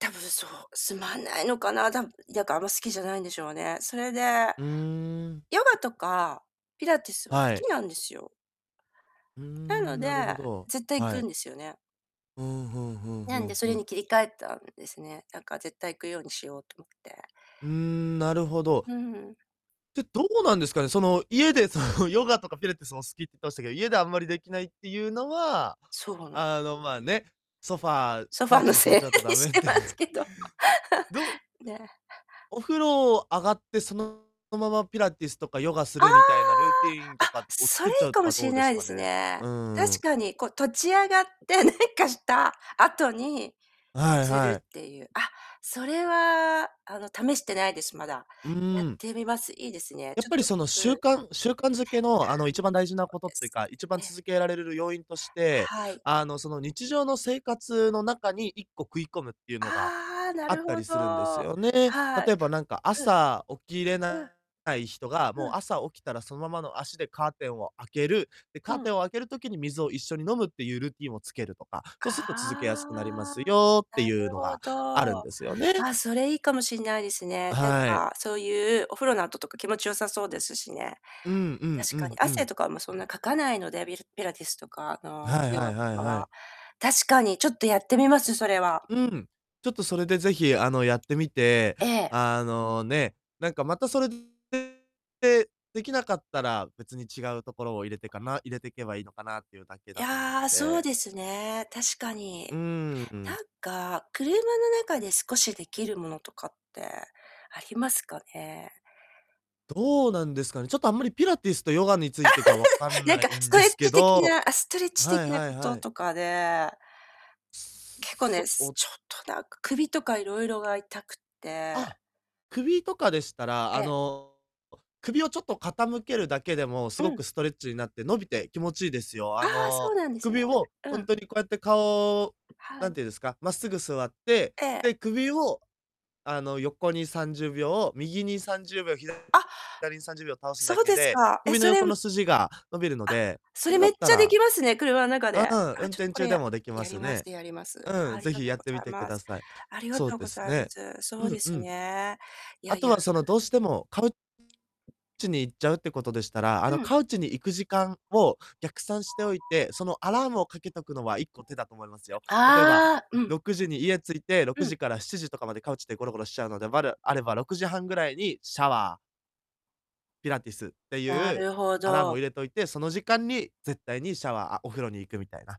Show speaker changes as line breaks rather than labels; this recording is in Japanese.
多分そう、つまんないのかな、たむやかあんま好きじゃないんでしょうね。それで、
うーん。
ヨガとか、ピラティスは好
はい。
きなんですよ。なの
ん、
で、
なるほど、
絶対行
は
くん
い。
ですよね。
うん、ふんふん
な
ふ
んで
ん
そ
ふ
れに
ん。
切り替えたんですね。なんか絶対行くようにしようと思って。
うーん、なるほど。
うん。
で、どうなんですかね、その、家でその ヨガとかピラティスも好き言ってましたけど、家であんまりできないっていうのは、
そうな
あの、まあね、ソファー
ソフ
カ
ァ
ウ
ーの
チに座っ
せい
ちゃうと
に
だめ
し
っ
て
て。
ますけど。
どうう
ね。
お風呂上がって、そのままピラティスとかヨガす
あ
るみたいなルーティーン
あ。
と
あ、
かを
それ
作っち
い
ゃ
い
う
か
と
も
か
し
ど
れ
うで
な
す
いで
か
す
ね。
ね。
うー
確
ん。
かに、こう立ち上がって、何かした後に、
あ、はい
す
は
る
い。
っていう。あ、それは、あの試してないです、まだ。
う
や
ー
っ
ん。
てみます。いいですね、
や
ち
っ
ょっ
ぱり
と
その
うん。
習
う
慣習慣づけのあの
う
一
ん。
番大事
そ
なこ
う
とっ
で
ていう
す。
か、一番
ええ。
続けられるる要因として、
はい。
あの、その日常の生活の中に1個食い込むっていうのが、
ああ、な
あっ
る
た
ほ
り
ど。
するんですよね。
はい。
例えば、なんか
うん。
朝起きれ
う
な
ん。
い人が、も
う
う
ん。
朝起きたらそのままの足でカーテンを開ける。で、
う
カー
ん。
テンを開ける時に水を一緒に飲むっていうルーティンをつけるとか、
あ
そうすっと続けやすくなりま
あ。
すよって
な
いう
る
の
ほ
があるん
ど。
ですよね。
あ、それいいかもしんないです
あ、
ね。なん
はい。
かそういうお風呂の後とか気持ち良さそうですしね。
うんうん
確
う
かに
んう
汗
ん。
とかもそんなかかないので、びるピラティスとかあの、
はい
ヨ
は
ガ
い
と
はい
か
は
は。
い。
確かに、ちょっとやってみます、それは。
うん。ちょっとそれでぜひ、あの、やってみて、
ええ。
あの、ね、なんかまたそれれで、できなかったら、別に違うところを入れてかな入れていけばいいのかなっていうだけ
い
だと思うの
や、そう
で。
ですね、確か
うー
に。
ん、うん。
なんか、車の中で少しできるものとかってありますかね？
どうなんですかね、ちょっとあんまりピラティスとヨガについてが分か ん
なん
な
か
い
ス
ん
ト
で
レッ
すけ
チ的
ど
なあ、ストレッ
あ、
チ
はい
的な
は
こ
いは
と
い。
とかで
す
結構ね、
そ、
す
お
ちょっとなんか首とかいろいろが痛くって
あ、首とかでしたら、
え
あ
え。
の、首をちょっと傾けるだけでも、す
う
ごく
ん。
ストレッチになって、伸びて気持ちいいですよ。
あ、
あ
そ
の、
うなんですね。
首を
う
ほん
ん。
とにこうやって顔、
は
何
い。
て言うんですか、真っすぐ座って、
ええ。
で、首を、あの、横に30秒を、右に30秒、ひだ
あ。
左に30秒倒すだ
そう
け
です
で、
か。え、
首の
それ、
横の
む
筋が伸びるの
あ、
で、
そ
そ
れ
れだ
めっ
った
ちゃで
ら
きますね、車の中
う
で。
ん、運
あ、ちょっと
転
これ
中で
や
もできま
やり
す
ま
ね。
すやります。
うん、
あり
ぜ
が
ひ
とう
やっ
ご
てみ
ざい
てく
ま
だ
す。
さい。
ありが
そう
とう
で
ご
す
ざいま
ね。
す。そ
う
うで
んう
す
ん。
ね。いや
あ
い
と
や。た
はその、
ぶ
どうしてもカウチに行っちゃうってことでしたら、あ
う
の、
ん。
カウチに行く時間を逆算しておいて、そのアラームをかけとくのは1個手だと思いますよ。例えば、ん、
ああ、うん。
6時に家着いて、ろく
うん。
じから7時とかまでカウチでゴロゴロしちゃうので、わるあれば6時半ぐらいにシャワーピラティスって
な
いう
るほ
アラームを
ど。
入れといて、その時間に絶対にシャワーあ、お風呂に行くみたいな。